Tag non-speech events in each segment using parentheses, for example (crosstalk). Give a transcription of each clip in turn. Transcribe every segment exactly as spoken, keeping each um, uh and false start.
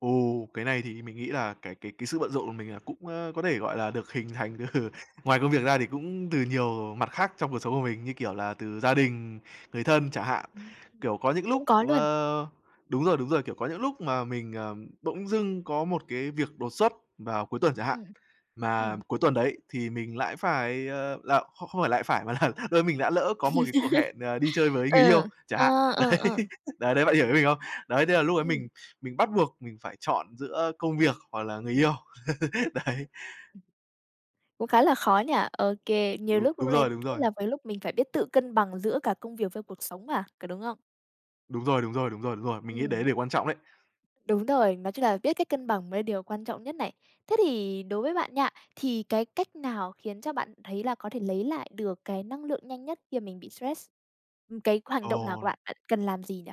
Ồ, cái này thì mình nghĩ là cái cái cái sự bận rộn của mình là cũng, a, có thể, gọi là, được hình thành từ ngoài công việc ra thì cũng từ nhiều mặt khác trong cuộc sống của mình như, kiểu là, từ gia đình, người thân chẳng hạn. Ừm, Kiểu, có những lúc cũng có luôn. ờ, đúng rồi, đúng rồi, kiểu, có những lúc mà mình, ờm, bỗng dưng có một cái việc đột xuất vào cuối tuần chẳng hạn. Ừm, Mà ừm. cuối tuần đấy thì mình lại phải, ờ là không không lại phải, mà là lơ mình đã lỡ có một cái cuộc (chuckles) hẹn, à, đi chơi với người yêu Ờ, chẳng hạn. ờ, ờ, Đấy, ờ. (giggles) đấy, đấy bạn hiểu ý mình không? Đấy, thế là lúc đấy mình Ừm. mình bắt buộc mình phải chọn giữa công việc hoặc là người yêu. (chuckles) Ừm. Đấy. Cũng khá là khó nhỉ? Ô kê. Nhiều Đú lúc lúc đúng lên, rồi, đúng lúc rồi. làm với lúc mình phải biết tự cân bằng giữa cả công việc với cuộc sống mà, có đúng không? Đúng rồi, đúng rồi, đúng rồi, đúng rồi. Mình nghĩ đấy Ừm. điều quan trọng đấy. Đúng rồi, nói chung là biết cách cân bằng mới điều quan trọng nhất này. Thế thì đối với bạn nha, thì cái cách nào khiến cho bạn thấy là có thể lấy lại được cái năng lượng nhanh nhất khi mà mình bị stress? Ừm, cái hoành động nào của Ồ. bạn, cần làm gì nhỉ?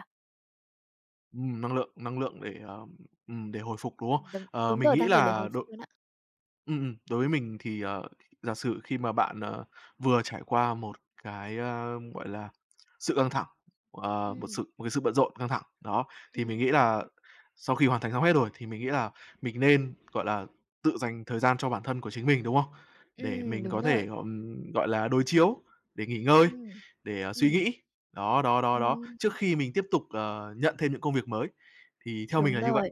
Ừm, năng lượng, năng lượng để, ờ, ừm, để hồi phục, đúng không? Ừm, đúng, Ờ, đúng mình rồi, nghĩ đang để lề là hồi phục đội luôn á. ừm, ừm, đối với mình thì, ờ, giả sử khi mà bạn, ờ, vừa trải qua một cái, ơ, gọi là, sự căng thẳng, ờ, một sự Ừm. một cái sự bận rộn, căng thẳng, đó, thì Ừm. mình nghĩ là sau khi hoàn thành xong hết rồi, thì mình nghĩ là mình nên, gọi là, tự dành thời gian cho bản thân của chính mình, đúng không? Để Ừm, mình đúng có thể, rồi. à, ừm, gọi là, đối chiếu, để nghỉ ngơi, Ừm, để, à, suy ừm. nghĩ. Đó, đó, đó, đó, trước Ừm. khi mình tiếp tục, ờ, nhận thêm những công việc mới thì theo mình Đúng là như vậy. rồi.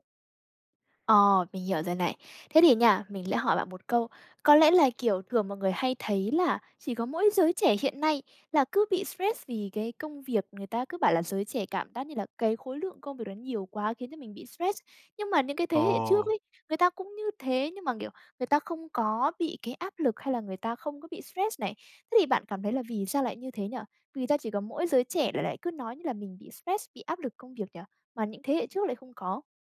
Ờ, mình hiểu rồi này. Thế thì nha, mình lẽ hỏi bạn một câu. Có lẽ là, kiểu, thường mọi người hay thấy là chỉ có mỗi giới trẻ hiện nay là cứ bị stress vì cái công việc, người ta cứ bảo là giới trẻ cảm giác như là cái khối lượng công việc đó nhiều quá khiến cho mình bị stress. Nhưng mà những cái thế hệ trước Ồ. ấy, người ta cũng như thế, nhưng mà, kiểu, người ta không có bị cái áp lực, hay là người ta không có bị stress này. Thế thì bạn cảm thấy là vì sao lại như thế nhỉ? Vì gia chỉ có mỗi giới trẻ là lại cứ nói như là mình bị stress, bị áp lực công việc nhỉ, mà những thế hệ trước lại không có?